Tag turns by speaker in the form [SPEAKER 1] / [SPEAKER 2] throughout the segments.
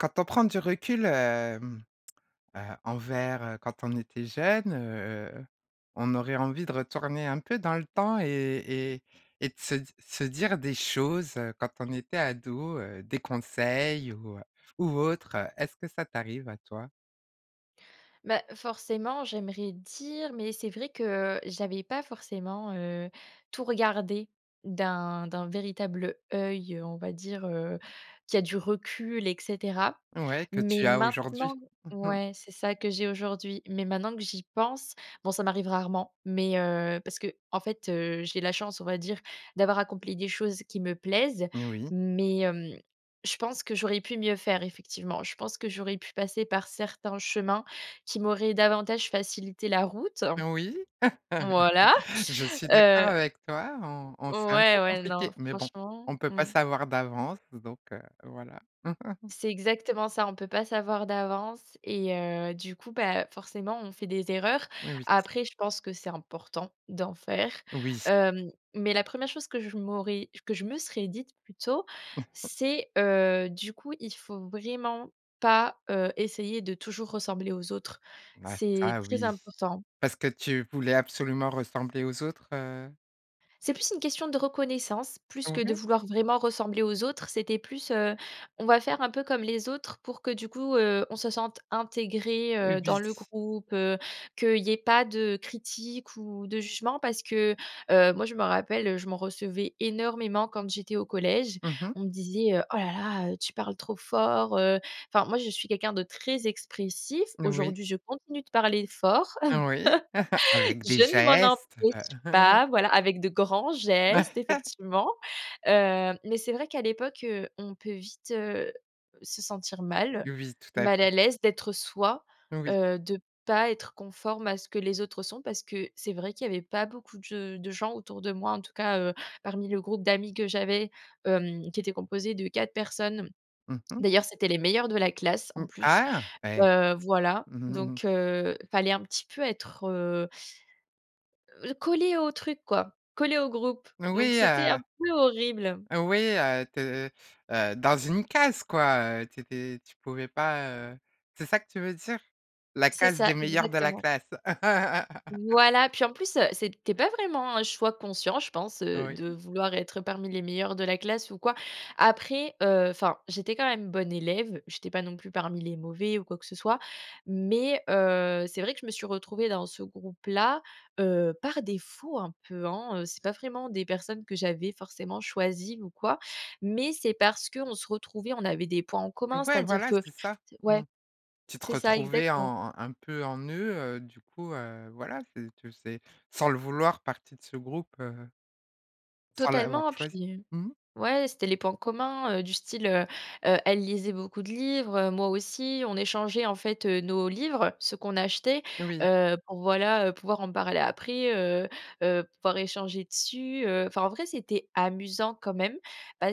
[SPEAKER 1] Quand on prend du recul, hem, heu, envers, heu, quand on était jeune, heu, on aurait envie de retourner un peu dans le temps et et et de se se dire des choses, heu, quand on était ado, heu, des conseils ou ou autre, heu. Est-ce que ça t'arrive à toi?
[SPEAKER 2] Bah, forcément, j'aimerais dire mais c'est vrai que j'avais pas forcément, heu, tout regardé d'un d'un véritable œil, on va dire, heu, qui a du recul et cetera.
[SPEAKER 1] Ouais, que
[SPEAKER 2] Mais
[SPEAKER 1] tu as aujourd'hui.
[SPEAKER 2] maintenant
[SPEAKER 1] Mmh mh.
[SPEAKER 2] ouais, c'est ça que j'ai aujourd'hui. Mais maintenant que j'y pense, bon, ça m'arrive rarement. Mais, heu, parce qu'en fait, heu, j'ai la chance, on va dire, d'avoir accompli des choses qui me plaisent.
[SPEAKER 1] N oui.
[SPEAKER 2] Mais, hem, je pense que j'aurais pu mieux faire effectivement. Je pense que j'aurais pu passer par certains chemins qui m'auraient davantage facilité la route.
[SPEAKER 1] Oui,
[SPEAKER 2] Voilà,
[SPEAKER 1] je suis d'accord
[SPEAKER 2] heu
[SPEAKER 1] avec toi, on on c'est un
[SPEAKER 2] Ouais,
[SPEAKER 1] peu
[SPEAKER 2] ouais, non,
[SPEAKER 1] compliqué, mais bon,
[SPEAKER 2] franchement.
[SPEAKER 1] on peut pas
[SPEAKER 2] Mmh.
[SPEAKER 1] savoir d'avance, z donc, heu, voilà.
[SPEAKER 2] C'est exactement ça. On peut pas savoir d'avance et heu, du coup, bah, forcément, on fait des erreurs.
[SPEAKER 1] Oui, oui.
[SPEAKER 2] Après, je pense que c'est important d'en faire.
[SPEAKER 1] Oui.
[SPEAKER 2] Heu, mais la première chose que je m'aurais que je me serais dite plutôt, c'est, heu, du coup, il faut vraiment pas, heu, essayer de toujours ressembler aux autres.
[SPEAKER 1] Ah,
[SPEAKER 2] C'est
[SPEAKER 1] ça
[SPEAKER 2] très
[SPEAKER 1] oui!
[SPEAKER 2] important.
[SPEAKER 1] Parce que tu voulais absolument ressembler aux autres, heu?
[SPEAKER 2] C'est plus une question de reconnaissance, plus
[SPEAKER 1] Mmh
[SPEAKER 2] que de
[SPEAKER 1] mh.
[SPEAKER 2] vouloir vraiment ressembler aux autres. C'était plus, heu, on va faire un peu comme les autres, pour que du coup, heu, on se sente intégré,
[SPEAKER 1] Heu,
[SPEAKER 2] heu, dans
[SPEAKER 1] ui.
[SPEAKER 2] le groupe, heu, qu'il y ait pas de critiques ou de jugement, parce que, heu, moi, je me rappelle, heu, je m'en recevais énormément quand j'étais au collège.
[SPEAKER 1] Mmh mh.
[SPEAKER 2] On me disait: «Heu, oh là là heu tu parles trop fort», heu, enfin moi, je suis quelqu'un de très expressif,
[SPEAKER 1] Oui.
[SPEAKER 2] aujourd'hui je continue de parler fort.
[SPEAKER 1] Oui. Avec des
[SPEAKER 2] Je ne m'en
[SPEAKER 1] gestes, heu.
[SPEAKER 2] empêche pas, voilà, avec de grands gestes, effectivement. Heu, mais c'est vrai qu'à l'époque, heu, on peut vite, heu, se sentir mal.
[SPEAKER 1] Oui, tout à
[SPEAKER 2] Mal
[SPEAKER 1] fait.
[SPEAKER 2] à l'aise d'être soi.
[SPEAKER 1] Oui.
[SPEAKER 2] Heu, de pas être conforme à ce que les autres sont, parce que c'est vrai qu'il y avait pas beaucoup de ge de gens autour de moi, en tout cas, heu, parmi le groupe d'amis que j'avais, hem, qui était composé de 4 personnes, mmh.
[SPEAKER 1] Mmh mh.
[SPEAKER 2] D'ailleurs, c'étaient les meilleurs de la classe en
[SPEAKER 1] Mmh.
[SPEAKER 2] plus.
[SPEAKER 1] Ah! Ouais.
[SPEAKER 2] Heu, voilà. Donc, heu, il fallait un petit peu être, heu heu, collée au truc quoi. Collée au groupe. Donc
[SPEAKER 1] Moui,
[SPEAKER 2] c'était un
[SPEAKER 1] heu!
[SPEAKER 2] peu horrible.
[SPEAKER 1] Heu oui, heu, tu es, heu, heu, dans une case quoi. Heu, tu étais tu pouvais pas, heu c'est ça que tu veux dire? La
[SPEAKER 2] C'est
[SPEAKER 1] case
[SPEAKER 2] ça,
[SPEAKER 1] des meilleurs de la
[SPEAKER 2] exactement.
[SPEAKER 1] classe.
[SPEAKER 2] Voilà, puis en plus, heu, c'était pas vraiment un choix conscient, je pense, heu,
[SPEAKER 1] Oui.
[SPEAKER 2] de vouloir être parmi les meilleurs de la classe ou quoi. Après, heu, enfin, j'étais quand même bonne élève. J'étais pas non plus parmi les mauvais ou quoi que ce soit. Mais, heu, c'est vrai que je me suis retrouvée dans ce groupe-là heu, par défaut un peu, hein, heu. C'est pas vraiment des personnes que j'avais forcément choisies ou quoi, mais c'est parce qu'on se retrouvait, on avait des points en commun,
[SPEAKER 1] Ouais
[SPEAKER 2] c'est-à-dire
[SPEAKER 1] voilà,
[SPEAKER 2] que
[SPEAKER 1] c'est ça.
[SPEAKER 2] C'est
[SPEAKER 1] Mmh.
[SPEAKER 2] Ouais,
[SPEAKER 1] Tu te
[SPEAKER 2] c'est ça
[SPEAKER 1] retrouvais
[SPEAKER 2] exactement.
[SPEAKER 1] en un un peu en eux, heu, du coup, heu, voilà, tu tu faisais sans le vouloir partie de ce groupe, heu sans l'avoir
[SPEAKER 2] Totalement, puis,
[SPEAKER 1] choisi.
[SPEAKER 2] heu
[SPEAKER 1] Mmh.
[SPEAKER 2] ouais, c'était les points communs, heu, du style, heu, heu, elles lisaient beaucoup de livres, heu, moi aussi, on échangeait en fait, heu, nos livres, ceux qu'on achetait,
[SPEAKER 1] Oui.
[SPEAKER 2] heu, pour voilà, heu, pouvoir en parler après, heu, heu, pouvoir échanger dessus, heu. Enfin en vrai, c'était amusant quand même,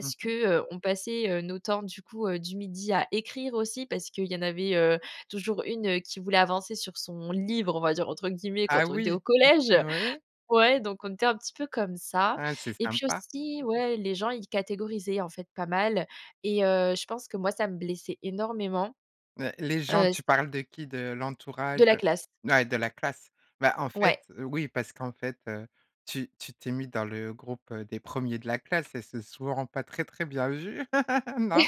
[SPEAKER 1] Mmh
[SPEAKER 2] que,
[SPEAKER 1] mh.
[SPEAKER 2] heu, on passait, heu, nos temps du coup, heu, du midi à écrire aussi parce qu'il y en avait, heu, toujours une, heu, qui voulait avancer sur «son livre,» on va dire entre guillemets
[SPEAKER 1] Ah
[SPEAKER 2] quand on était au
[SPEAKER 1] oui.
[SPEAKER 2] collège.
[SPEAKER 1] O oui.
[SPEAKER 2] Ouais, donc on était un petit peu comme ça.
[SPEAKER 1] Ouais c'est
[SPEAKER 2] Et puis
[SPEAKER 1] sympa.
[SPEAKER 2] aussi, ouais les gens ils catégorisaient en fait pas mal et heu, je pense que moi ça me blessait énormément.
[SPEAKER 1] Ben, les gens,
[SPEAKER 2] Heu, c
[SPEAKER 1] tu parles de qui? De
[SPEAKER 2] De
[SPEAKER 1] l'entourage?
[SPEAKER 2] la
[SPEAKER 1] De
[SPEAKER 2] classe.
[SPEAKER 1] Ouais de la classe. Bah, en
[SPEAKER 2] Ouais.
[SPEAKER 1] fait, heu, oui, parce qu'en fait, heu, tu tu t'es mis dans le groupe, heu, des premiers de la classe et c'est souvent pas très, très bien vu. Non?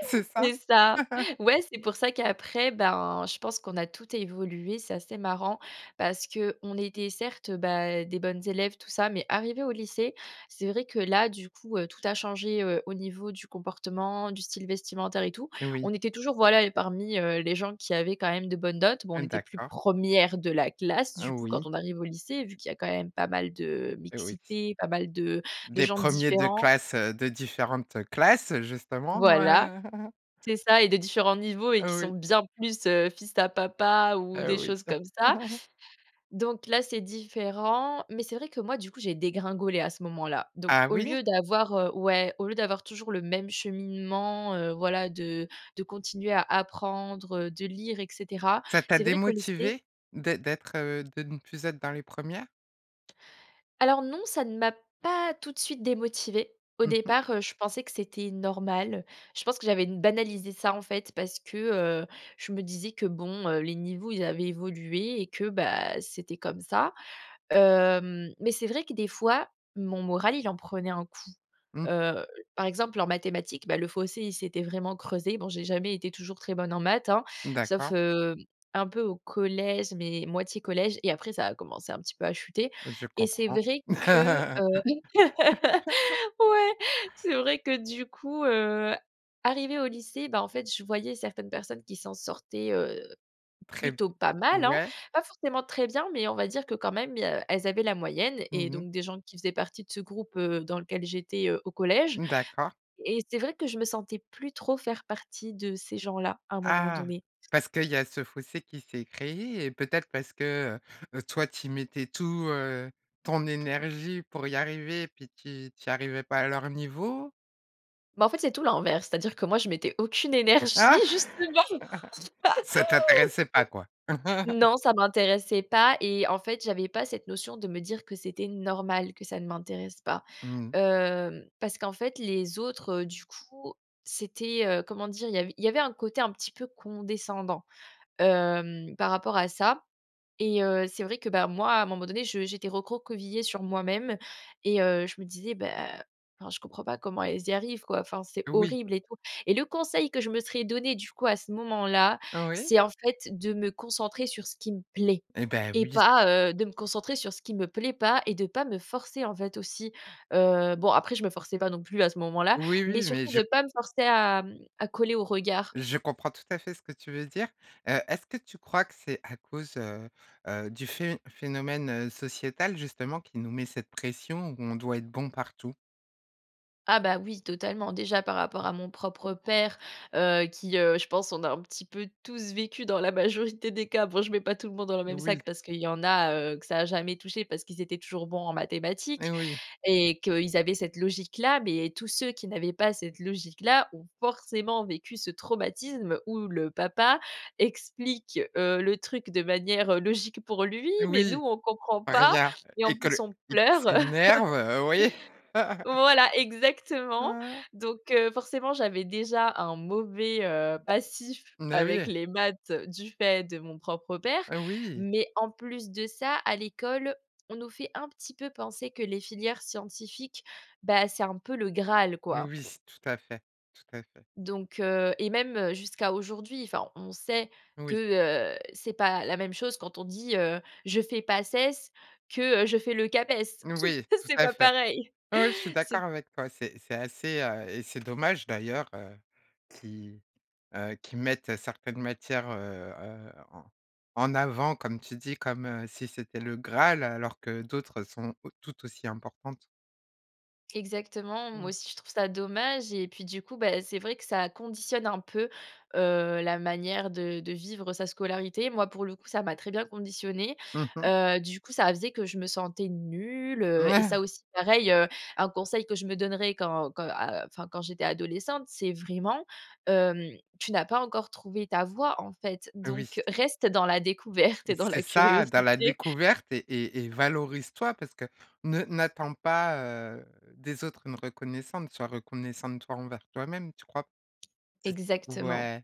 [SPEAKER 1] C'est ça?
[SPEAKER 2] C'est ça. Ouais, c'est pour ça qu'après, ben, je pense qu'on a toutes évolué, c'est assez marrant. Parce qu'on était certes, heu, bah, des bonnes élèves tout ça, mais arrivées au lycée, c'est vrai que là, du coup, heu, tout a changé, heu, au niveau du comportement, du style vestimentaire et tout.
[SPEAKER 1] Oui.
[SPEAKER 2] On était toujours voilà et parmi, heu, les gens qui avaient quand même de bonnes notes, bon, on
[SPEAKER 1] Mmh
[SPEAKER 2] était plus
[SPEAKER 1] d'accord.
[SPEAKER 2] premières de la classe, du
[SPEAKER 1] Heu,
[SPEAKER 2] coup quand
[SPEAKER 1] oui.
[SPEAKER 2] on arrive au lycée, vu qu'il y a quand même pas mal de
[SPEAKER 1] Heu, oui.
[SPEAKER 2] mixité, pas mal de de
[SPEAKER 1] Des
[SPEAKER 2] gens
[SPEAKER 1] premiers de
[SPEAKER 2] différents.
[SPEAKER 1] classe, heu, de différentes, heu, classes justement,
[SPEAKER 2] Voilà.
[SPEAKER 1] ouais.
[SPEAKER 2] C'est ça et de différents niveaux et qui
[SPEAKER 1] Heu,
[SPEAKER 2] sont
[SPEAKER 1] oui.
[SPEAKER 2] bien plus, heu, fils à papa ou des
[SPEAKER 1] Heu, oui.
[SPEAKER 2] choses comme ça. Donc là, c'est différent, mais c'est vrai que moi du coup j'ai dégringolé à ce moment-là. Donc
[SPEAKER 1] Ah
[SPEAKER 2] au
[SPEAKER 1] oui?
[SPEAKER 2] lieu d'avoir heu, ouais, au lieu d'avoir toujours le même cheminement, heu, voilà de de continuer à apprendre, heu, de lire et cetera.
[SPEAKER 1] Ça t'a
[SPEAKER 2] C'est vrai qu'au lycée
[SPEAKER 1] démotivée d'ê d'être, heu, de ne plus être dans les premières?
[SPEAKER 2] Alors non, ça ne m'a pas tout de suite démotivée. Au
[SPEAKER 1] Mmh mh.
[SPEAKER 2] départ, heu, je pensais que c'était normal. Je pense que j'avais banalisé ça, en fait, parce que, heu, je me disais que, bon, heu, les niveaux, ils avaient évolué et que, bah, c'était comme ça. Hem, mais c'est vrai que des fois, mon moral il en prenait un coup.
[SPEAKER 1] Mmh.
[SPEAKER 2] Heu, par exemple en mathématiques, bah, le fossé il s'était vraiment creusé, bon, j'ai jamais été toujours très bonne en maths, hein, sauf,
[SPEAKER 1] D'accord.
[SPEAKER 2] heu, un peu au collège, mais moitié collège et après ça a commencé un petit peu à chuter.
[SPEAKER 1] Je
[SPEAKER 2] Et c'est
[SPEAKER 1] comprends.
[SPEAKER 2] vrai que, heu, ouais, c'est vrai que du coup, heu, arrivée au lycée, ben en fait, je voyais certaines personnes qui s'en sortaient, heu,
[SPEAKER 1] Très b
[SPEAKER 2] plutôt pas mal, hein.
[SPEAKER 1] ouais.
[SPEAKER 2] Pas forcément très bien mais on va dire que quand même, il y a elles avaient la moyenne et
[SPEAKER 1] Mmh mh.
[SPEAKER 2] donc des gens qui faisaient partie de ce groupe, heu, dans lequel j'étais, heu, au collège.
[SPEAKER 1] Mmh d'accord.
[SPEAKER 2] Et c'est vrai que je me sentais plus trop faire partie de ces gens-là, à un moment
[SPEAKER 1] Ah!
[SPEAKER 2] donné.
[SPEAKER 1] Parce qu'il y a ce fossé qui s'est créé et peut-être parce que, heu? heu, toi t'y mettais tout, heu, ton énergie pour y arriver et puis tu y tu y arrivais pas à leur niveau?
[SPEAKER 2] Bah, en fait, c'est tout l'inverse, c'est-à-dire que moi je mettais aucune énergie, justement.
[SPEAKER 1] Ça t'intéressait pas quoi.
[SPEAKER 2] Non, ça m'intéressait pas et en fait, j'avais pas cette notion de me dire que c'était normal, que ça ne m'intéresse pas.
[SPEAKER 1] Mmh mh.
[SPEAKER 2] Hem, parce qu'en fait, les autres, du coup, c'était, heu, comment dire? Il y avait il y avait un côté un petit peu condescendant, hem, par rapport à ça et heu, c'est vrai que, bah, moi, à un moment donné, je j'étais recroquevillée sur moi-même et heu, je me disais: «Bah, heu, enfin, je comprends pas comment elles y arrivent, quoi. Enfin, c'est
[SPEAKER 1] Oui.
[SPEAKER 2] horrible et tout», et le conseil que je me serais donné, du coup, à ce moment-là,
[SPEAKER 1] Oui.
[SPEAKER 2] c'est, en fait, de me concentrer sur ce qui me plaît
[SPEAKER 1] Et bah,
[SPEAKER 2] et
[SPEAKER 1] oui.
[SPEAKER 2] pas, heu, de me concentrer sur ce qui me plaît pas et de pas me forcer, en fait, aussi. Heu, bon après, je me forçais pas non plus à ce moment-là,
[SPEAKER 1] Oui,
[SPEAKER 2] mais
[SPEAKER 1] oui mais
[SPEAKER 2] surtout
[SPEAKER 1] je
[SPEAKER 2] de pas me forcer à, mmh, à coller au regard.
[SPEAKER 1] je comprends tout à fait ce que tu veux dire. Heu, est-ce que tu crois que c'est à cause, heu, heu, du phén phénomène sociétal, justement, qui nous met cette pression où on doit être bon partout?
[SPEAKER 2] Ah bah, oui, totalement. Déjà par rapport à mon propre père, heu, qui, heu, je pense, on a un petit peu tous vécu dans la majorité des cas- bon, je mets pas tout le monde dans le même
[SPEAKER 1] Oui.
[SPEAKER 2] sac parce qu'il y en a, heu, que ça a jamais touché parce qu'ils étaient toujours bons en
[SPEAKER 1] Eh
[SPEAKER 2] mathématiques
[SPEAKER 1] oui.
[SPEAKER 2] et qu'ils avaient cette logique-là- mais tous ceux qui n'avaient pas cette logique-là ont forcément vécu ce traumatisme où le papa explique, heu, le truc de manière, heu, logique pour lui mais nous,
[SPEAKER 1] Oui.
[SPEAKER 2] on comprend pas
[SPEAKER 1] Rien.
[SPEAKER 2] et en
[SPEAKER 1] Et que
[SPEAKER 2] plus
[SPEAKER 1] le
[SPEAKER 2] on
[SPEAKER 1] et qu'il
[SPEAKER 2] pleure,
[SPEAKER 1] s'énerve, oui.
[SPEAKER 2] Voilà, exactement.
[SPEAKER 1] Ah!
[SPEAKER 2] Donc, heu, forcément, j'avais déjà un mauvais, heu, passif
[SPEAKER 1] Mais oui
[SPEAKER 2] avec
[SPEAKER 1] et
[SPEAKER 2] les maths du fait de mon propre père.
[SPEAKER 1] Heu, oui.
[SPEAKER 2] Mais en plus de ça, à l'école, on nous fait, un petit peu, penser que les filières scientifiques, bah, c'est un peu le Graal
[SPEAKER 1] N
[SPEAKER 2] quoi.
[SPEAKER 1] oui, tout à fait, tout à fait.
[SPEAKER 2] Donc, heu, et même, heu, jusqu'à aujourd'hui, enfin on sait que,
[SPEAKER 1] Oui.
[SPEAKER 2] heu, c'est pas la même chose quand on dit, heu: «Je fais PACES, que, heu, je fais le CAPES».
[SPEAKER 1] Oui, tout
[SPEAKER 2] C'est
[SPEAKER 1] à
[SPEAKER 2] pas
[SPEAKER 1] fait.
[SPEAKER 2] pareil.
[SPEAKER 1] Ouais, je suis
[SPEAKER 2] C'est
[SPEAKER 1] d'accord avec toi, c'est c'est assez, heu, et c'est dommage d'ailleurs, heu, qui, heu, qu'ils mettent certaines matières, heu, heu, en en avant, comme tu dis, comme, heu, si c'était le graal alors que d'autres, sont au tout aussi importantes.
[SPEAKER 2] Exactement, moi
[SPEAKER 1] Mmh.
[SPEAKER 2] aussi je trouve ça dommage et puis du coup, bah c'est vrai que ça conditionne un peu, heu, la manière de de vivre sa scolarité. Moi, pour le coup, ça m'a très bien conditionnée.
[SPEAKER 1] Mmh mh.
[SPEAKER 2] Heu, du coup ça faisait que je me sentais nulle, heu, et
[SPEAKER 1] Mmh.
[SPEAKER 2] ça aussi pareil, heu, un conseil que je me donnerais quand quand, heu, à heu, enfin, quand j'étais adolescente, c'est vraiment, hem: «Tu n'as pas encore trouvé ta voie, en fait,
[SPEAKER 1] Oui.
[SPEAKER 2] donc reste dans la découverte et dans
[SPEAKER 1] C'est
[SPEAKER 2] la
[SPEAKER 1] ça: dans la
[SPEAKER 2] curiosité».
[SPEAKER 1] découverte et et et valorise-toi parce que ne n'attends pas, heu, des autres une reconnaissante, soit reconnaissante, toi, envers toi-même, tu crois p c'est ç
[SPEAKER 2] Exactement.
[SPEAKER 1] ouais.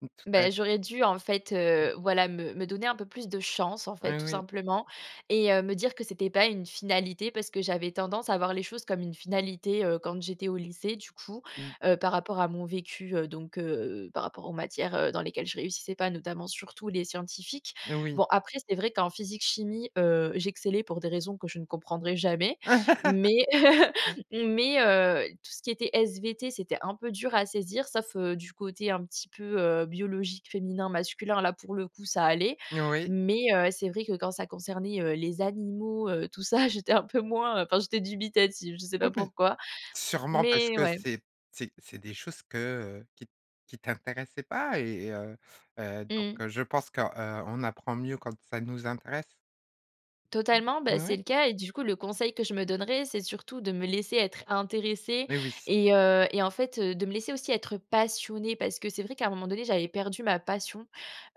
[SPEAKER 1] Mmh, tout à f
[SPEAKER 2] Beh j'aurais dû en fait,
[SPEAKER 1] Mmh.
[SPEAKER 2] heu, voilà me me donner un peu plus de chance, en fait,
[SPEAKER 1] Heu,
[SPEAKER 2] tout
[SPEAKER 1] oui.
[SPEAKER 2] simplement, et heu, me dire que c'était pas une finalité parce que j'avais tendance à voir les choses comme une finalité, heu, quand j'étais au lycée, du coup,
[SPEAKER 1] Mmh.
[SPEAKER 2] heu, par rapport à mon vécu, heu, donc, heu, par rapport aux matières, heu, dans lesquelles je réussissais pas, notamment surtout les scientifiques.
[SPEAKER 1] Oui.
[SPEAKER 2] Bon, après c'est vrai qu'en physique-chimie, heu, j'excellais pour des raisons que je ne comprendrai jamais, mais, mais heu, tout ce qui était SVT, c'était un peu dur à saisir sauf, heu, du côté un petit peu, heu, biologique féminin-masculin, là, pour le coup, ça allait.
[SPEAKER 1] Oui.
[SPEAKER 2] Mais heu, c'est vrai que quand ça concernait, heu, les animaux, heu, tout ça, j'étais un peu moins, heu, enfin j'étais dubitative, je sais pas
[SPEAKER 1] Oui, mais
[SPEAKER 2] pourquoi,
[SPEAKER 1] sûrement parce
[SPEAKER 2] mais
[SPEAKER 1] que
[SPEAKER 2] ouais.
[SPEAKER 1] c'est c'est c'est des choses que, heu qui t qui t'intéressaient pas et et heu, heu, donc
[SPEAKER 2] Mmh.
[SPEAKER 1] heu, je pense que, heu, on apprend mieux quand ça nous intéresse.
[SPEAKER 2] Totalement. Bah c'est
[SPEAKER 1] Ouais.
[SPEAKER 2] le cas et du coup, le conseil que je me donnerais, c'est surtout de me laisser être intéressée
[SPEAKER 1] Eh oui!
[SPEAKER 2] et heu, et en fait, heu, de me laisser aussi être passionnée parce que c'est vrai qu'à un moment donné j'avais perdu ma passion,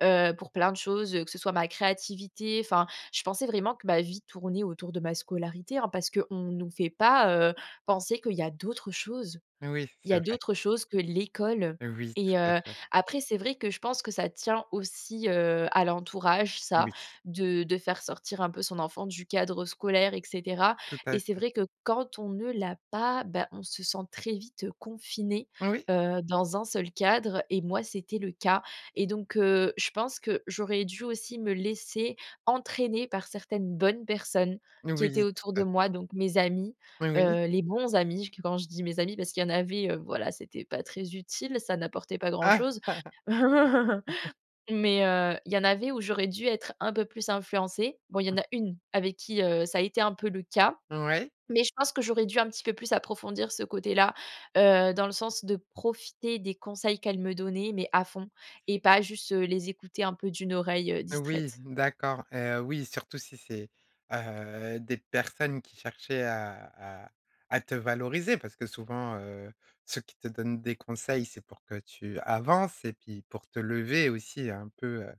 [SPEAKER 2] heu, pour plein de choses, heu, que ce soit ma créativité enfin je pensais vraiment que ma vie tournait autour de ma scolarité, hein, parce qu'on nous fait pas, heu, penser qu'il y a d'autres choses
[SPEAKER 1] Oui, c
[SPEAKER 2] il y
[SPEAKER 1] c'est
[SPEAKER 2] a
[SPEAKER 1] vrai.
[SPEAKER 2] d'autres choses que l'école.
[SPEAKER 1] Oui,
[SPEAKER 2] Et
[SPEAKER 1] tout à
[SPEAKER 2] heu,
[SPEAKER 1] fait.
[SPEAKER 2] après, c'est vrai que je pense que ça tient aussi, heu, à l'entourage, ça,
[SPEAKER 1] Oui.
[SPEAKER 2] de de faire sortir un peu son enfant du cadre scolaire, et cetera.
[SPEAKER 1] Tout à
[SPEAKER 2] Et c'est
[SPEAKER 1] fait.
[SPEAKER 2] vrai que quand on ne l'a pas, bah on se sent très vite, heu, confinée,
[SPEAKER 1] Oui.
[SPEAKER 2] heu, dans un seul cadre et moi c'était le cas et donc, heu, je pense que j'aurais dû aussi me laisser entraîner par certaines bonnes personnes qui étaient
[SPEAKER 1] Oui, tout
[SPEAKER 2] autour
[SPEAKER 1] à
[SPEAKER 2] de
[SPEAKER 1] f
[SPEAKER 2] moi, donc mes amis,
[SPEAKER 1] Oui, oui.
[SPEAKER 2] heu, les bons amis, j qu quand je dis mes amis parce qu'il y en avait, heu, voilà, c'était pas très utile, ça n'apportait pas grand chose. Mais heu, il y en avait où j'aurais dû être un peu plus influencée. Bon, il y en
[SPEAKER 1] Mmh.
[SPEAKER 2] a une avec qui, heu, ça a été un peu le cas,
[SPEAKER 1] Ouais.
[SPEAKER 2] mais je pense que j'aurais dû un petit peu plus approfondir ce côté-là, heu, dans le sens de profiter des conseils qu'elle me donnait, mais à fond et pas juste, heu, les écouter un peu d'une oreille, heu,
[SPEAKER 1] Oui,
[SPEAKER 2] distraite.
[SPEAKER 1] d'accord, heu, oui, surtout si c'est, heu, des personnes qui cherchaient à à à te valoriser parce que souvent, heu, ceux qui te donnent des conseils, c'est pour que tu avances et puis pour te lever, aussi, un peu, heu,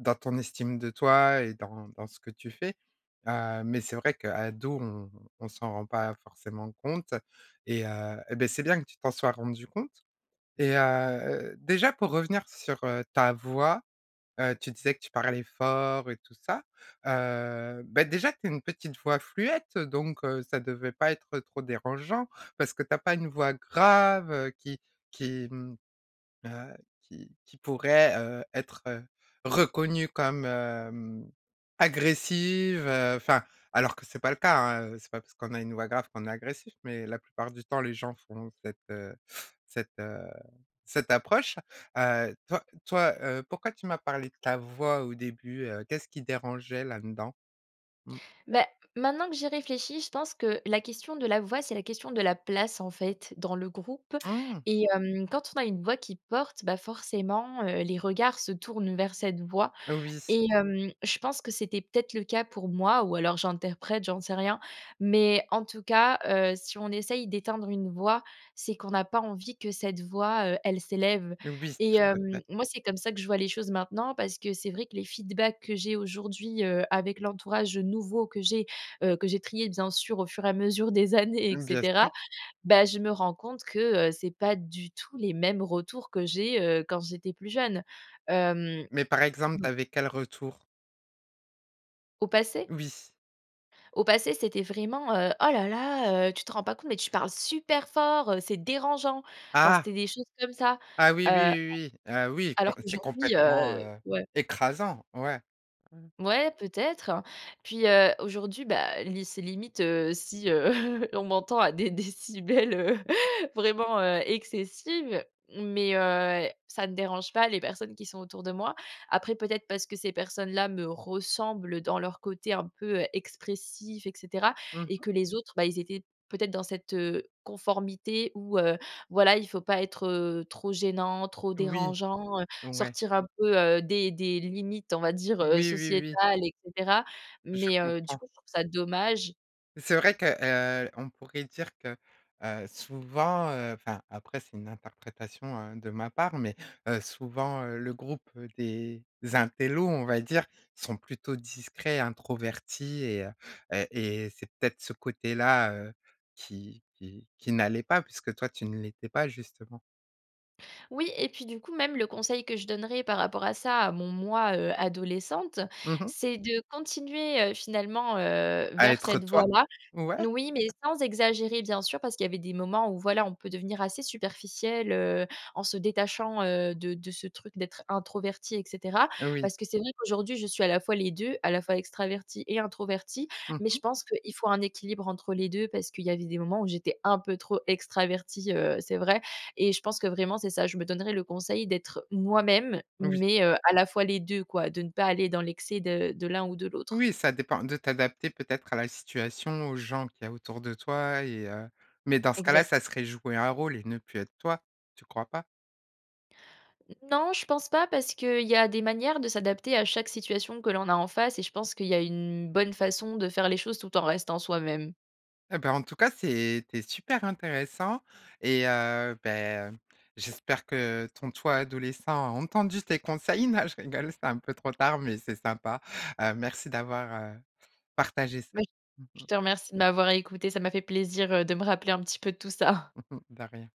[SPEAKER 1] dans ton estime de toi et dans dans ce que tu fais, heu, mais c'est vrai qu'ado, on on s'en rend pas forcément compte et heu, eh beh, c'est bien que tu t'en sois rendu compte. Et heu, déjà pour revenir sur, heu, ta voix, heu, tu disais que tu parlais fort et tout ça, heu, bah déjà tu as une petite voix fluette, heu, donc heu, ça devait pas être trop dérangeant parce que tu as pas une voix grave, heu, qui qui, mmh, heu, qui qui pourrait, heu, être, heu, reconnue comme, hem, agressive, heu enfin, alors que c'est pas le cas, hein, heu, c'est pas parce qu'on a une voix grave qu'on est agressif, mais la plupart du temps les gens font cette, heu cette, heu cette approche. Heu, toi toi, heu, pourquoi tu m'as parlé de ta voix au début, heu? Qu'est-ce qui dérangeait, là-dedans? Mmh.
[SPEAKER 2] Beh, maintenant que j'y réfléchis, je pense que la question de la voix, c'est la question de la place, en fait, dans le groupe.
[SPEAKER 1] Mmh!
[SPEAKER 2] Et hem, quand on a une voix qui porte, bah forcément, heu, les regards se tournent vers cette voix
[SPEAKER 1] Oui.
[SPEAKER 2] et hem, je pense que c'était peut-être le cas pour moi- ou alors j'interprète, j'en sais rien- mais en tout cas, heu, si on essaye d'éteindre une voix, c'est qu'on n'a pas envie que cette voix, heu, elle s'élève.
[SPEAKER 1] Oui,
[SPEAKER 2] Et
[SPEAKER 1] tout à fait.
[SPEAKER 2] hem, moi, c'est comme ça que je vois les choses maintenant parce que c'est vrai que les feedbacks que j'ai aujourd'hui, heu, avec l'entourage, heu, nouveau que j'ai, heu, que j'ai trié bien sûr, au fur et à mesure des années, et
[SPEAKER 1] Mmh, bien sûr.
[SPEAKER 2] cetera, bah, je me rends compte que, heu, c'est pas du tout les mêmes retours que j'ai, heu, quand j'étais plus jeune. Hem.
[SPEAKER 1] Mais par exemple
[SPEAKER 2] Non.
[SPEAKER 1] tu avais quel retour?
[SPEAKER 2] Au passé?
[SPEAKER 1] Oui.
[SPEAKER 2] Au passé c'était vraiment, heu: «Oh là là, heu, tu te rends pas compte mais tu parles super fort, heu, c'est dérangeant!» Enfin,
[SPEAKER 1] Ah!
[SPEAKER 2] c'était des choses comme ça!
[SPEAKER 1] Ah oui, oui,
[SPEAKER 2] Heu,
[SPEAKER 1] oui, oui, ah oui,
[SPEAKER 2] alors
[SPEAKER 1] comp c'est
[SPEAKER 2] qu'aujourd'hui,
[SPEAKER 1] complètement,
[SPEAKER 2] heu,
[SPEAKER 1] heu,
[SPEAKER 2] ouais.
[SPEAKER 1] écrasant! Ouais.
[SPEAKER 2] Mouais, peut-être. Et puis, heu, aujourd'hui, bah li c'est limite, heu, si, heu, on m'entend à des décibels, heu, vraiment, heu, excessives. Mais heu, ça ne dérange pas les personnes qui sont autour de moi. Après peut-être parce que ces personnes-là me ressemblent dans leur côté un peu, heu, expressif, et cetera,
[SPEAKER 1] Mmh
[SPEAKER 2] et
[SPEAKER 1] mh.
[SPEAKER 2] que les autres, bah ils étaient peut-être dans cette, heu, conformité où, heu, voilà il faut pas être, heu, trop gênant, trop
[SPEAKER 1] Oui!
[SPEAKER 2] dérangeant, heu,
[SPEAKER 1] Ouais!
[SPEAKER 2] sortir un peu, heu, des des limites on va dire, heu,
[SPEAKER 1] Oui, oui, oui.
[SPEAKER 2] sociétales et cetera
[SPEAKER 1] Je
[SPEAKER 2] mais heu, du
[SPEAKER 1] comprends.
[SPEAKER 2] coup, je trouve ça dommage.
[SPEAKER 1] C'est vrai que, heu on pourrait dire que, heu, souvent, heu- enfin après c'est une interprétation, heu, de ma part- mais, heu, souvent heu, le groupe, heu, des intellos, on va dire, sont plutôt discrets, introvertis et, heu heu et c'est peut-être ce côté-là, heu, qui qui qui n'allait pas puisque toi tu ne l'étais pas justement.
[SPEAKER 2] Oui et puis du coup même le conseil que je donnerais par rapport à ça à mon moi, heu, adolescente,
[SPEAKER 1] Mmh mh.
[SPEAKER 2] c'est de continuer, heu, finalement, heu,
[SPEAKER 1] À
[SPEAKER 2] vers
[SPEAKER 1] être
[SPEAKER 2] cette
[SPEAKER 1] toi.
[SPEAKER 2] voie-là.
[SPEAKER 1] Ouais.
[SPEAKER 2] N oui, mais sans exagérer bien sûr parce qu'il y avait des moments où, voilà, on peut devenir assez superficiel heu, en se détachant, heu, de de ce truc d'être introverti et cetera.
[SPEAKER 1] Oui.
[SPEAKER 2] Parce que c'est vrai qu'aujourd'hui je suis à la fois les 2- à la fois extravertie et introvertie-
[SPEAKER 1] Mmh
[SPEAKER 2] mais
[SPEAKER 1] mh.
[SPEAKER 2] je pense qu'il faut un équilibre entre les 2 parce qu'il y avait des moments où j'étais un peu trop extravertie, heu, c'est vrai et je pense que vraiment c'est ça: je me donnerai le conseil d'être moi-même
[SPEAKER 1] Oui.
[SPEAKER 2] mais, heu, à la fois les 2 quoi, de ne pas aller dans l'excès de de l'un ou de l'autre.
[SPEAKER 1] Oui, ça dépend. De t'adapter peut-être à la situation, aux gens qu'il y a autour de toi et, heu mais dans ce cas-là,
[SPEAKER 2] Exact.
[SPEAKER 1] ça serait jouer un rôle et ne plus être toi, tu crois pas?
[SPEAKER 2] Non, je pense pas parce qu'il y a des manières de s'adapter à chaque situation que l'on a en face et je pense qu'il y a une bonne façon de faire les choses tout en restant soi-même.
[SPEAKER 1] Heu bah en tout cas, c'était super intéressant et heu bah heu, j'espère que ton toi adolescent, a entendu tes conseils. Non je rigole c'est un peu trop tard, mais c'est sympa. Heu merci d'avoir, heu, partagé ça.
[SPEAKER 2] Oui.
[SPEAKER 1] Mmh
[SPEAKER 2] Je
[SPEAKER 1] mh.
[SPEAKER 2] te remercie de m'avoir écoutée. Ça m'a fait plaisir, heu, de me rappeler un petit peu de tout ça.
[SPEAKER 1] Mmh mh, de rien.